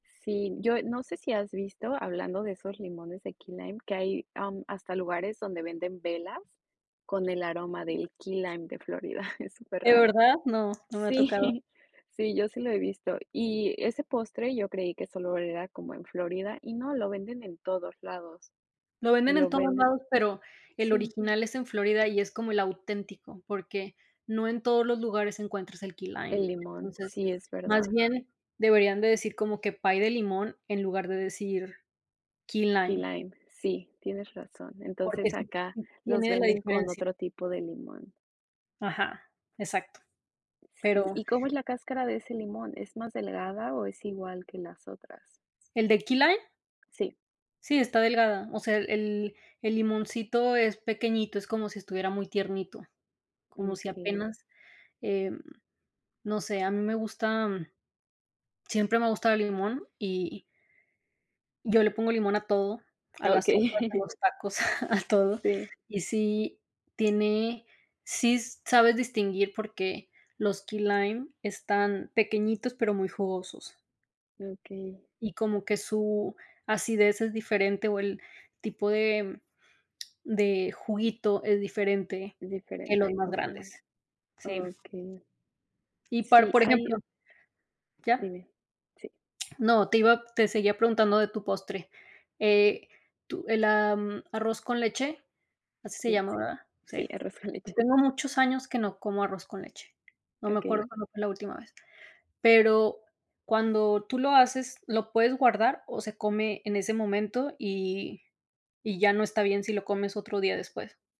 Sí, yo, eh, no sé si has visto, hablando de esos limones de key lime, que hay, am, hasta lugares donde venden velas con el aroma del key lime de Florida, es ¿De superraro. verdad?, no, no me ha tocado. Sí, sí, yo sí lo he visto. Y ese postre, yo creí que solo era como en Florida, y no, lo venden en todos lados, Lo venden en lo todos venden lados, pero el Sí. original es en Florida y es como el auténtico, porque no en todos los lugares encuentras el key lime. El limón, Entonces, sí, es más verdad. bien deberían de decir como que pie de limón, en lugar de decir key Key lime. lime. Sí, tienes razón. Porque Entonces, sí, acá sí los tiene de la venden con diferencia. otro tipo de limón. Ajá. Exacto. Sí. Pero ¿Y cómo es la cáscara de ese limón? ¿Es más delgada o es igual que las otras? ¿El de key lime? Sí. Sí, está delgada, o sea, el el el limoncito es pequeñito, es como si estuviera muy tiernito, Mm, como si okey. apenas, em, no sé, a mí me gusta, mm, siempre me ha gustado el limón, y yo le pongo limón a todo, a las sopas, a Okey. los tacos, a todo. Sí. Y sí, tiene sí sabes distinguir, porque los key lime están pequeñitos, pero muy jugosos, Okey. Y como que su acidez es diferente o el tipo de, mm, de juguito es diferente que los Diferente, más grandes. okey. Sí. Okey. Y par Sí, por hay ejemplo ¿Ya? Dime, sí. No, te iba te seguía preguntando de tu postre, eh, tu el, am, arroz con leche, así se Sí. llama, ¿verdad? Sí, Sí. arroz con Yo leche. tengo muchos años que no como arroz con leche, no me acuerdo Okey. cuándo fue la última vez. Pero cuando tú lo haces, ¿lo puedes guardar o se come en ese momento y y ya no está bien si lo comes otro día después?